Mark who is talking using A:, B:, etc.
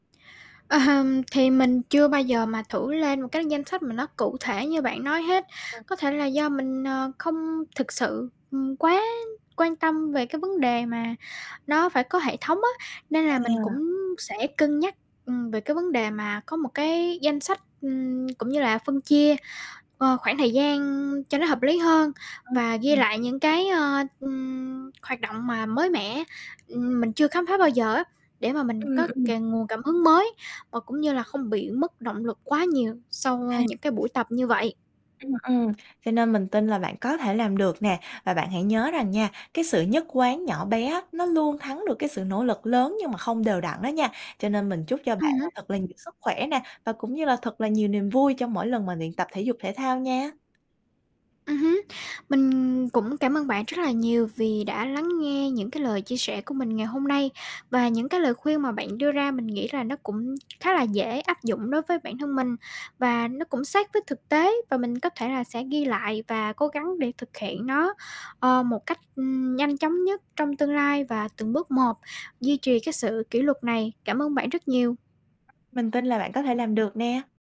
A: Ờ hừm, thì mình chưa bao giờ mà thử lên một cái danh sách mà nó cụ thể như bạn nói hết,
B: Ừm.
A: có thể là do mình, ờ, không thực sự, ừm, quá quan tâm về cái vấn đề mà nó phải có hệ thống á. Nên là mình
B: À.
A: cũng sẽ cân nhắc, ừm, về cái vấn đề mà có một cái danh sách, ừm, cũng như là phân chia, ờ, khoảng thời gian cho nó hợp lý hơn,
B: Ừm,
A: và ghi
B: ừm.
A: lại những cái, ơ, ừm, hoạt động mà mới mẻ, ừm, mình chưa khám phá bao giờ á, để mà mình
B: Ừm,
A: có c
B: ừm.
A: nguồn cảm hứng mới, và cũng như là không bị mất động lực quá nhiều sau, ơ,
B: À.
A: những cái buổi tập như vậy.
B: Ừm, ừm, cho nên mình tin là bạn có thể làm được nè. Và bạn hãy nhớ rằng nha, cái sự nhất quán nhỏ bé á nó luôn thắng được cái sự nỗ lực lớn nhưng mà không đều đặn đó nha. Cho nên mình chúc cho bạn
A: Ừm
B: là
A: hứm.
B: thật là nhiều sức khỏe nè, và cũng như là thật là nhiều niềm vui cho mỗi lần mà luyện tập thể dục thể thao nha.
A: Ừm hứm. Mình cũng cảm ơn bạn rất là nhiều vì đã lắng nghe những cái lời chia sẻ của mình ngày hôm nay. Và những cái lời khuyên mà bạn đưa ra mình nghĩ là nó cũng khá là dễ áp dụng đối với bản thân mình, và nó cũng sát với thực tế. Và mình có thể là sẽ ghi lại và cố gắng để thực hiện nó, ờ, một cách, ừm, nhanh chóng nhất trong tương lai và từng bước một duy trì cái sự kỷ luật này. Cảm ơn bạn rất nhiều.
B: Mình tin là bạn có thể làm được nè.